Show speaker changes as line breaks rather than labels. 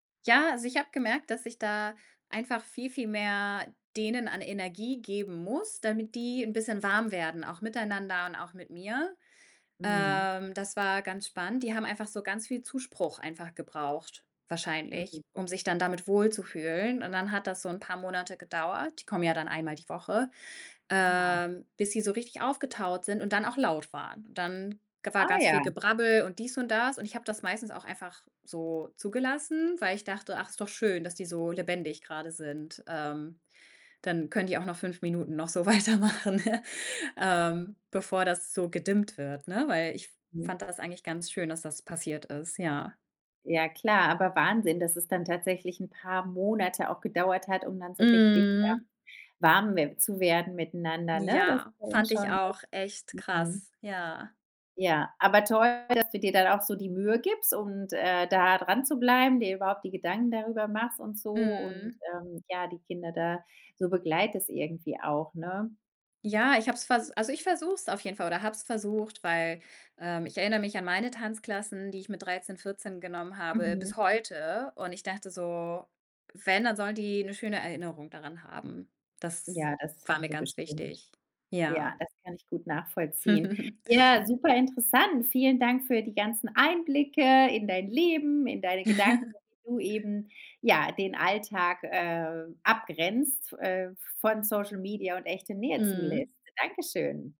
Ja, also, ich habe gemerkt, dass ich da einfach viel, viel mehr denen an Energie geben muss, damit die 'n bisschen warm werden, auch miteinander und auch mit mir.
Mhm.
Ähm, das war ganz spannend. Die haben einfach so ganz viel Zuspruch einfach gebraucht
Mhm.
wahrscheinlich, um sich dann damit wohlzufühlen und dann hat das so 'n paar Monate gedauert, die kommen ja dann einmal die Woche,
Ja.
ähm, bis sie so richtig aufgetaut sind und dann auch laut waren und dann ge war
Ah,
ganz viel
ja.
Gebrabbel und dies und das und ich habe das meistens auch einfach so zugelassen, weil ich dachte: „Ach, ist doch schön, dass die so lebendig grade sind“, ähm, dann können die auch noch 5 Minuten noch so weitermachen, ähm, bevor das so gedimmt wird, ne? Weil ich
Hm.
fand das eigentlich ganz schön, dass das passiert ist. Ja.
Ja klar, aber Wahnsinn, dass es dann 'n tatsächlich paar Monate auch gedauert hat, um dann so richtig, ähm,
Mhm.
warm we zu werden miteinander, ne? Das
Ja,
war dann
fand ich
schon
auch
echt
echt
mhm.
krass, ja.
Ja, aber toll, dass du dir dann auch so die Mühe gibst und, äh, da dran zu bleiben, dir überhaupt die Gedanken darüber machst und so und,
Mhm.
ähm, ja, die Kinder da so begleitest irgendwie auch, ne?
Ja ich habe es ver
Hm.
also, ich versuche es auf jeden Fall oder habe es versucht, weil, ähm, ich erinner mich an meine Tanzklassen, die ich mit 13, 14 genommen habe
Mhm.
bis heute und ich dachte so, wenn, dann sollen die 'ne schöne Erinnerung daran haben. Das
Ja, das
war
haben
mir
sie
ganz
bestimmt.
wichtig.
Ja,
Ja.
das kann ich gut nachvollziehen. Ja, super interessant. Vielen Dank für die ganzen Einblicke in dein Leben, in deine Gedanken, wie du eben, ja, den Alltag, äh, abgrenzt, äh, v von Social Media und echte Nähe
Mhm.
zulässt. Dankeschön.